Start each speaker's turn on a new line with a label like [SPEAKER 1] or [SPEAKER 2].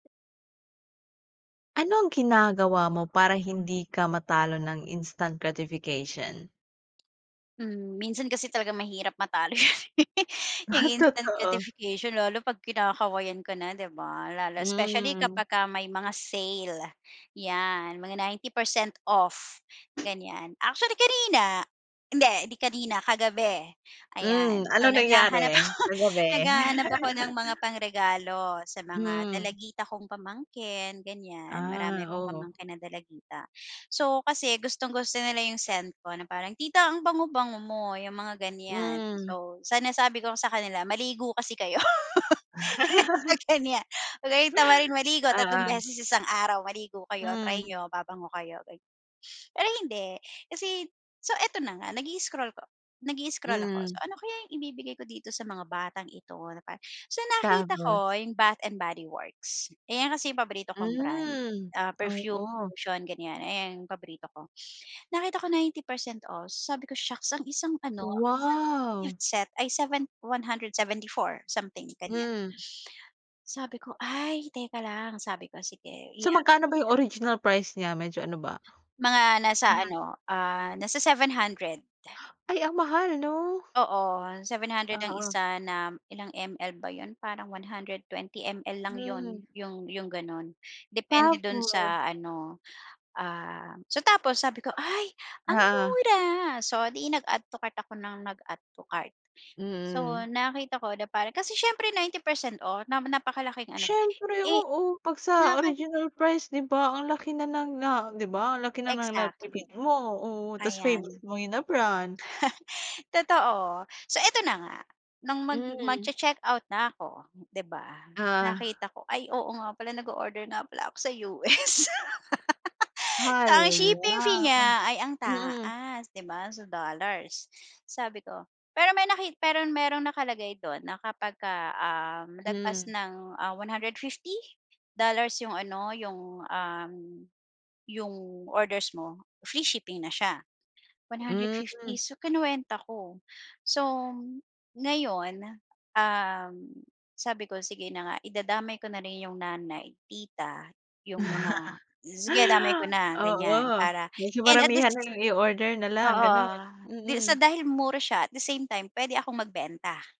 [SPEAKER 1] Ano ang ginagawa mo para hindi ka matalo ng instant gratification?
[SPEAKER 2] Hmm minsan kasi talaga mahirap matalo. Instant
[SPEAKER 1] Totoo.
[SPEAKER 2] gratification lalo pag kinakawayan ka na 'di ba? Lalo specially
[SPEAKER 1] Hmm.
[SPEAKER 2] kapag ka may mga sale, 'yan mga 90% off, ganyan actually kanina, hindi 'di kanina kagabi, ayan
[SPEAKER 1] Hmm,
[SPEAKER 2] so
[SPEAKER 1] anong
[SPEAKER 2] naghahanap
[SPEAKER 1] nangyari,
[SPEAKER 2] ako,
[SPEAKER 1] kagabi?
[SPEAKER 2] naghahanap ako ng mga pangregalo sa mga
[SPEAKER 1] Hmm.
[SPEAKER 2] dalagita kong pamangkin ganyan marami
[SPEAKER 1] Ah,
[SPEAKER 2] akong
[SPEAKER 1] oo.
[SPEAKER 2] pamangkin ng dalagita. So kasi gustong-gusto nila yung scent ko na parang tita ang bango bango mo yung mga ganyan
[SPEAKER 1] Hmm.
[SPEAKER 2] so sa nasabi ko sa kanila maligo kasi kayo mga ganyan, wag kayong tamaring maligo 3
[SPEAKER 1] Ah, ah.
[SPEAKER 2] beses isang araw maligo kayo try
[SPEAKER 1] Hmm.
[SPEAKER 2] n'yo babango kayo gan pero hindi kasi, so eto na nga nag-i-scroll ko, nag-i-scroll ako so
[SPEAKER 1] Hmm.
[SPEAKER 2] ano kaya yung ibibigay ko dito sa mga batang ito na pa so nakita
[SPEAKER 1] Tapos?
[SPEAKER 2] ko yung Bath and Body Works, ayan kasi yung paborito kong brand,
[SPEAKER 1] Hmm.
[SPEAKER 2] ah, perfume,
[SPEAKER 1] Oo.
[SPEAKER 2] lotion, ganyan ayun yung paborito ko, nakita ko 90% off, sabi ko shocks ang isang ano ang isang
[SPEAKER 1] Wow.
[SPEAKER 2] set ay 7 174 something ganyan.
[SPEAKER 1] Hmm.
[SPEAKER 2] Sabi ko ay teka lang, sabi ko sige i.
[SPEAKER 1] So
[SPEAKER 2] [unintelligible]
[SPEAKER 1] magkano ba yung original price nya medyo ano ba?
[SPEAKER 2] Mga nasa
[SPEAKER 1] [unintelligible]
[SPEAKER 2] ano, ah, nasa 700.
[SPEAKER 1] Ay ang mahal 'no?
[SPEAKER 2] Oo, 700 ang
[SPEAKER 1] Oo.
[SPEAKER 2] isa na ilang ML ba yun? Parang 120mL lang
[SPEAKER 1] Hmm.
[SPEAKER 2] yun, yung yung ganon, depende dun sa
[SPEAKER 1] Tapos.
[SPEAKER 2] ano, ah so tapos sabi ko ay ang
[SPEAKER 1] Oo.
[SPEAKER 2] mura! So di nag add to cart ako ng nag add to cart, so
[SPEAKER 1] Mm.
[SPEAKER 2] nakita ko na paran kasi siyempre 90% off na napakalaking ano,
[SPEAKER 1] Siyempre,
[SPEAKER 2] eh.
[SPEAKER 1] oo pag sa
[SPEAKER 2] [unintelligible]
[SPEAKER 1] original price di ba? Ang laki na ng na di ba? Ang laki na ng
[SPEAKER 2] Exactly.
[SPEAKER 1] natipid mo, oo tas
[SPEAKER 2] Ayan.
[SPEAKER 1] favourite mo yun na brand.
[SPEAKER 2] Totoo, so eto na nga, nung mag
[SPEAKER 1] Hmm.
[SPEAKER 2] magche-checkout na ako, di ba?
[SPEAKER 1] Ah.
[SPEAKER 2] Nakita ko ay oo nga pala nag-oorder nga pala ako sa US. So ang shipping fee
[SPEAKER 1] Hala.
[SPEAKER 2] niya ay ang
[SPEAKER 1] Mm.
[SPEAKER 2] taas 'di ba? So dollars, sabi ko, pero may naki pero merong nakalagay dun na kapag um lagpas
[SPEAKER 1] Hmm.
[SPEAKER 2] ng, ah, 150 dollars yung ano, yung, um, yung orders mo, free shipping na siya, 150
[SPEAKER 1] Hmm.
[SPEAKER 2] so kinuwenta ko. So ngayon, um, sabi ko sige na nga idadamay ko na rin yung nanay, tita, yung mga sige damay ko na
[SPEAKER 1] Oo,
[SPEAKER 2] ganyan para
[SPEAKER 1] medyo
[SPEAKER 2] and at
[SPEAKER 1] maramihan na
[SPEAKER 2] least.
[SPEAKER 1] lang yung i-order na lang ganon,
[SPEAKER 2] Oo, di sa
[SPEAKER 1] mm.
[SPEAKER 2] dahil mura siya at the same time pwede akong magbenta.